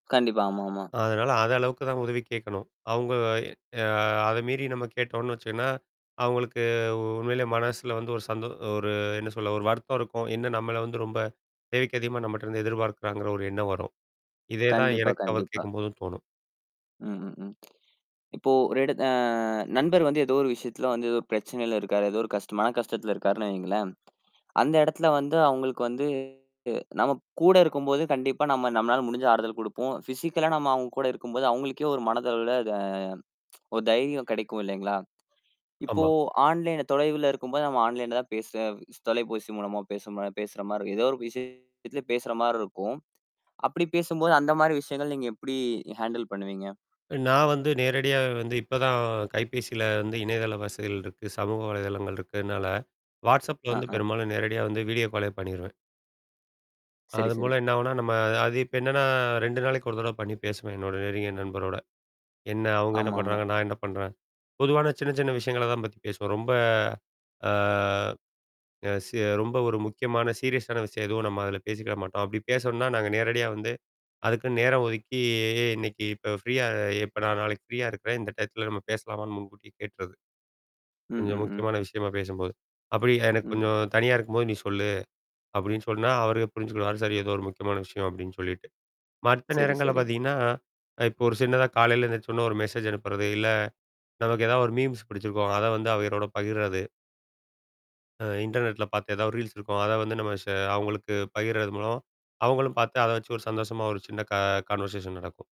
கண்டிப்பா. ஆமாமா. அதனால அத அளவுக்கு தான் உதவி கேட்கணும். அவங்க அ அத மீறி நம்ம கேட்டோம்னு வச்சோன்னா. அவங்களுக்கு உண்மையிலேயே மனசுல வந்து ஒரு சந்தோ ஒரு என்ன சொல்ல ஒரு வருத்தம் இருக்கும். என்ன நம்மல வந்து ரொம்ப தேவைக்கு அதிகமா நம்மட்ட இருந்து எதிர்பார்க்குறாங்கிற ஒரு எண்ணம் வரும். இதே தான் கண்டிப்பா, எனக்கு அவர் கண்டிப்பா. கேட்கும்போதும் தோணும். ம், ம், ம். இப்போ ஒரு இட அ நண்பர் வந்து ஏதோ ஒரு விஷயத்துல வந்து ஏதோ பிரச்சனையில இருக்காரு. ஏதோ ஒரு கஷ்ட மன கஷ்டத்தில இருக்காருன்னு வையுங்களேன். அந்த இடத்துல வந்து அவங்களுக்கு வந்து, நம்ம கூட இருக்கும்போது கண்டிப்பா நம்ம நம்மளால முடிஞ்ச ஆறுதல் குடுப்போம். பிசிக்களா நம்ம அவுங்க கூட இருக்கும்போது அவுங்களுக்கே ஒரு மனதளவுல அ ஒரு தைரியம் கிடைக்கும் இல்லைங்களா? இப்போ ஆமா. ஆன்லைன் தொலைவுல இருக்கும்போது நம்ம ஆன்லைன்ல தான் பேசு தொலைபேசி மூலமா பேச ம பேசுற மாரிரி. ஏதோ ஒரு விஷயத்ல பேசுற மாரி இருக்கும். அப்படி பேசும்போது அந்த மாரி விஷயங்கள் நீங்க எப்படி ஹேண்டில் பண்ணுவீங்க? நான் வந்து நேரடியா வந்து இப்பதான் கைபேசியில வந்து இணையதள வசதிகள் இருக்கு, சமூக வலைதளங்கள் இருக்கறனால, WhatsAppல ஆ, வந்து ஆ. பெரும்பாலும் நேரடியா வந்து வீடியோ காலே பண்ணிருவேன். செரி, அதன் செரி. மூலம் என்ன ஆகும்னா, நம்ம அது இப்ப என்னன்னா 2 நாளைக்கு ஒரு தடவ பண்ணி பேசுவேன். என்னோட நெருங்கியே நண்பரோட. என்ன அவுங்க என்ன ஆமாமா. பண்றாங்க? நான் என்ன பண்றேன்? பொதுவான சின்ன, சின்ன விஷயங்கள தான் பத்தி பேசுவோம். ரொம்ப. ஆ. அ செ ரொம்ப ஒரு முக்கியமான சீரியஸான விஷயம் எதுவும் நம்ம அதில பேசிக்கிட மாட்டோம். அப்படி பேசோனும்னா நாங்க நேரடியா வந்து, அதுக்குன்னு நேரம் ஒதுக்கி இன்னைக்கு இப்ப ஃப்ரீயா? எப்ப நான் நாளைக்கு ஃப்ரீயா இருக்கிறேன். இந்த டயத்தல நம்ம பேசலாமான்னு முன்கூட்டி கேட்ருவன். ம், கொஞ்சம் ம், ம். முக்கியமான விஷயமா பேசும்போது. அப்படி எனக்கு ம். கொஞ்சம் தனியா இருக்கும்போது நீ சொல்லு. அப்படின்னு சொன்னா அவரு புரிஞ்சுக்கிடுவாரு. சரி ஏதோ ஒரு முக்கியமான விஷயம் அப்படின்னு சொல்லிட்டு. மத்த செரி, நேரங்கள்ல செரி. பார்த்தீங்கன்னா. அ இப்ப ஒரு சின்னதா காலையில எந்திரிச்ச உடன்னே ஒரு மெசேஜ் அனுப்புறது இல்ல. நமக்கு ஏதாவது ஒரு மீம்ஸ் புடிச்சிருக்கும். அத வந்து அவங்களோட பகிர்றது. அ இன்டர்நெட்ல பார்த்த ஏதாவது ரீல்ஸ் இருக்கும். அத வந்து நம்ம ஷ அவங்களுக்கு பகர்றது மூலம். அவங்களும் பார்த்து, அத வச்சு ஒரு சந்தோஷமா ஒரு சின்ன க கான்வர்சேஷன் நடக்கும்.